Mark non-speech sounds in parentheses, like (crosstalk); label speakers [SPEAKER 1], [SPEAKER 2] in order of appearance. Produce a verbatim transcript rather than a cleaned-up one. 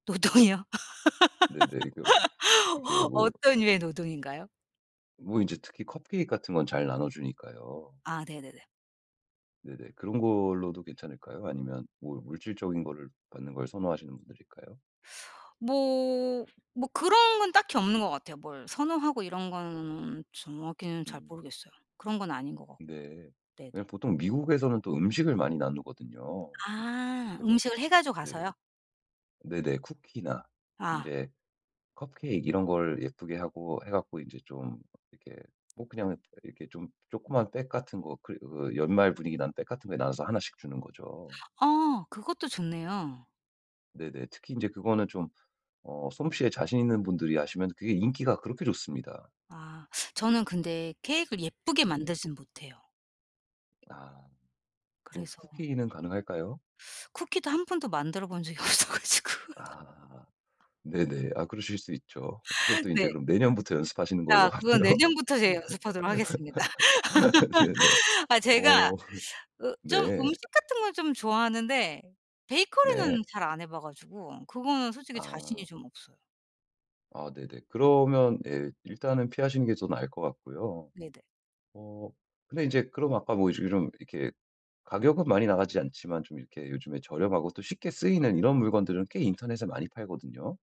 [SPEAKER 1] 노동이요?
[SPEAKER 2] 네네. 이거 이게
[SPEAKER 1] (laughs)
[SPEAKER 2] 뭐
[SPEAKER 1] 어떤 류의 노동인가요?
[SPEAKER 2] 뭐 이제 특히 커피 같은 건 잘 나눠주니까요.
[SPEAKER 1] 아 네네네.
[SPEAKER 2] 네네. 그런 걸로도 괜찮을까요? 아니면 뭐 물질적인 거를 받는 걸 선호하시는 분들일까요?
[SPEAKER 1] 뭐 뭐 그런 건 딱히 없는 것 같아요. 뭘 선호하고 이런 거는 정확히는 잘
[SPEAKER 2] 음.
[SPEAKER 1] 모르겠어요. 그런 건 아닌 것 같고.
[SPEAKER 2] 네.
[SPEAKER 1] 네네.
[SPEAKER 2] 왜냐면 보통 미국에서는 또 음식을 많이 나누거든요.
[SPEAKER 1] 아
[SPEAKER 2] 그래서
[SPEAKER 1] 음식을 해 가지고
[SPEAKER 2] 네.
[SPEAKER 1] 가서요?
[SPEAKER 2] 네네. 쿠키나
[SPEAKER 1] 아.
[SPEAKER 2] 인제 컵케이크 이런 걸 예쁘게 하고 해 갖고 이제 좀 이렇게 뭐 그냥 이렇게 좀 조그만 백 같은 거 그 그 연말 분위기 나는 백 같은 거에 나눠서 하나 씩 주는 거죠.
[SPEAKER 1] 어 그것도 좋네요.
[SPEAKER 2] 네네. 특히 인제 그거는 좀 어 솜씨에 자신 있는 분들이 하시면 그게 인기가 그렇게 좋습니다.
[SPEAKER 1] 아 저는 근데 케익을 예쁘게
[SPEAKER 2] 네네.
[SPEAKER 1] 만들진 못해요.
[SPEAKER 2] 아. 그
[SPEAKER 1] 그래서
[SPEAKER 2] 쿠키는 가능할까요?
[SPEAKER 1] 쿠키도 한 번도 만들어 본 적이 없어 가지고. (laughs)
[SPEAKER 2] 아. 네네. 아 그러실 수 있죠.
[SPEAKER 1] (laughs)
[SPEAKER 2] 그것도 인제
[SPEAKER 1] 네.
[SPEAKER 2] 그럼 내년부터 연습하시는 걸로
[SPEAKER 1] 아 그건
[SPEAKER 2] 하고요.
[SPEAKER 1] 내년부터 제가 연습하도록 하겠습니다.
[SPEAKER 2] (laughs) 네네.
[SPEAKER 1] (laughs) 아 제가
[SPEAKER 2] 어 (laughs)
[SPEAKER 1] 어 좀
[SPEAKER 2] 네.
[SPEAKER 1] 음식 같은 걸 좀 좋아하는데 베이커리는
[SPEAKER 2] 네.
[SPEAKER 1] 잘 안 해봐 가지고 그거는 솔직히 자신이
[SPEAKER 2] 아.
[SPEAKER 1] 좀 없어요.
[SPEAKER 2] 아 네네. 그러면 예 일단은 피하시는 게 더 나을 것 같고요.
[SPEAKER 1] 네네.
[SPEAKER 2] 어 근데 이제 그럼 아까 뭐 요즘 이런 이렇게 가격은 많이 나가지 않지만 좀 이렇게 요즘에 저렴하고 또 쉽게 쓰이는 이런 물건들은 꽤 인터넷에 많이 팔거든요.